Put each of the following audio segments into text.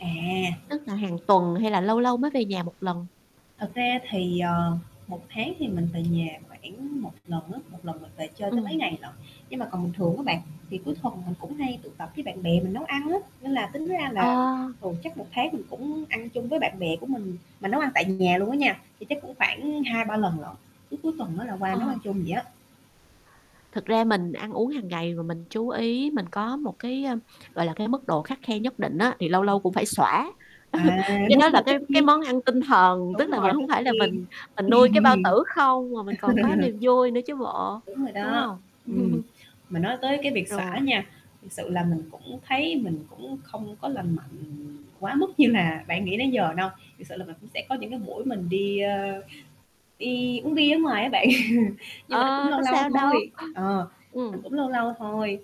À! Tức là hàng tuần, hay là lâu lâu mới về nhà một lần? Thật ra thì, ờ, 1 tháng thì mình về nhà khoảng một lần á, 1 lần mình về chơi tới mấy Ừm. ngày lận. Nhưng mà còn bình thường á bạn, thì cuối thuần mình cũng hay tụ tập với bạn bè mình nấu ăn á, nên là tính ra là Ờ. thường chắc 1 tháng mình cũng ăn chung với bạn bè của mình, mình nấu ăn tại nhà luôn á nha, thì chắc cũng khoảng hai, ba lần lận, cứ cuối tuần á, là qua Ờ. nấu ăn chung vậy á. Thực ra mình ăn uống hàng ngày và mình chú ý mình có một cái, ơm, gọi là, cái mức độ khắt khe nhất định á, thì lâu lâu [unintelligible] cũng phải xoã. À, Cái đúng đó là rồi, tất cái cái nhiên. món ăn tinh thần, tức Đúng là rồi, mình tất hông phải là nhiên. mình mình nuôi cái bao tử không, mà mình còn có niềm vui nữa chứ bộ, Đúng rồi đúng đó. hông? Ừm, mà nói tới cái việc xoã Rồ nha, thiệt sự là mình cũng thấy mình cũng không có lành mạnh quá mức như là bạn nghĩ nãy giờ đâu. Thiệt sự là mình cũng sẽ có những cái buổi mình đi, ơ, đi uống bia ở ngoài á bạn, nhưng mà nó cũng Ơ, lâu có lâu sao đâu. thôi. Ờ, ờ, Ừm. cũng lâu lâu thôi.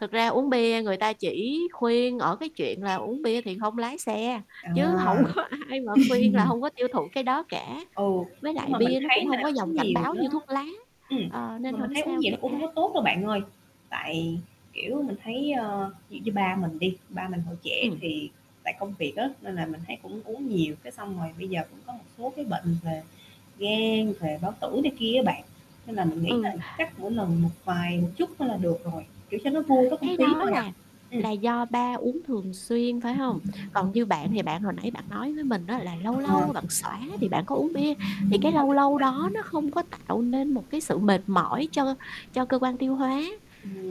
Thực ra uống bia người ta chỉ khuyên ở cái chuyện là uống bia thì không lái xe, chứ hổng À! có ai mà khuyên là hông có tiêu thụ cái đó cả. Ừ, Với nhưng lại mà mình bia nó cũng thấy là hông có dòng uống cảnh nhiều báo nó như thuốc lá, ừm, ờ, nên mà mình hổng thấy uống sao nhiều nó cũng hông cả. có tốt đâu bạn ơi, tại, kiểu, mình thấy, ờ, dị như ba mình đi, ba mình hồi trẻ Ừm. thì tại công việc á, nên là mình thấy cũng uống nhiều, cái xong rồi bây giờ cũng có một số cái bệnh về gan, về bao tử này kia á bạn, nên là mình nghĩ Ừ. là chắc mỗi lần một vài, một chút thôi là được rồi, kiểu, cho nó vui có không Cái khí đó thôi à, là ừm. là do ba uống thường xuyên, phải hông? Còn như bạn thì bạn hồi nãy bạn nói với mình á, là lâu Ờ. lâu bạn xoã thì bạn có uống bia, thì Đúng cái rồi, lâu đúng lâu rồi. đó nó không có tạo nên một cái sự mệt mỏi cho cho cơ quan tiêu hóa,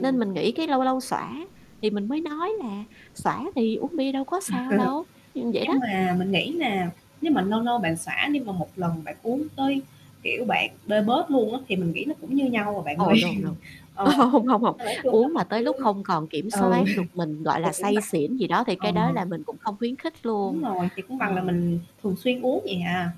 nên mình nghĩ cái lâu lâu xoã thì mình mới nói là xoã thì uống bia đâu có sao đâu. Ừm, vậy đó. Nhưng mà mình nghĩ là nếu mà lâu lâu bạn xoã nhưng mà một lần bạn uống tới, kiểu, bạn bê bết luôn á, thì mình nghĩ nó cũng như nhau à bạn Ồ, ơi. no, no. Ơ, Ờ, hông, hông, hông, nên là nói chung là uống mình mà tới cứ lúc không còn kiểm ừ, soát được mình, gọi thì là, cũng say bằng xỉn gì đó thì ờ. cái đó là mình cũng không khuyến khích Đúng luôn. rồi, thì cũng bằng là Ờ. mình thường xuyên uống vậy à.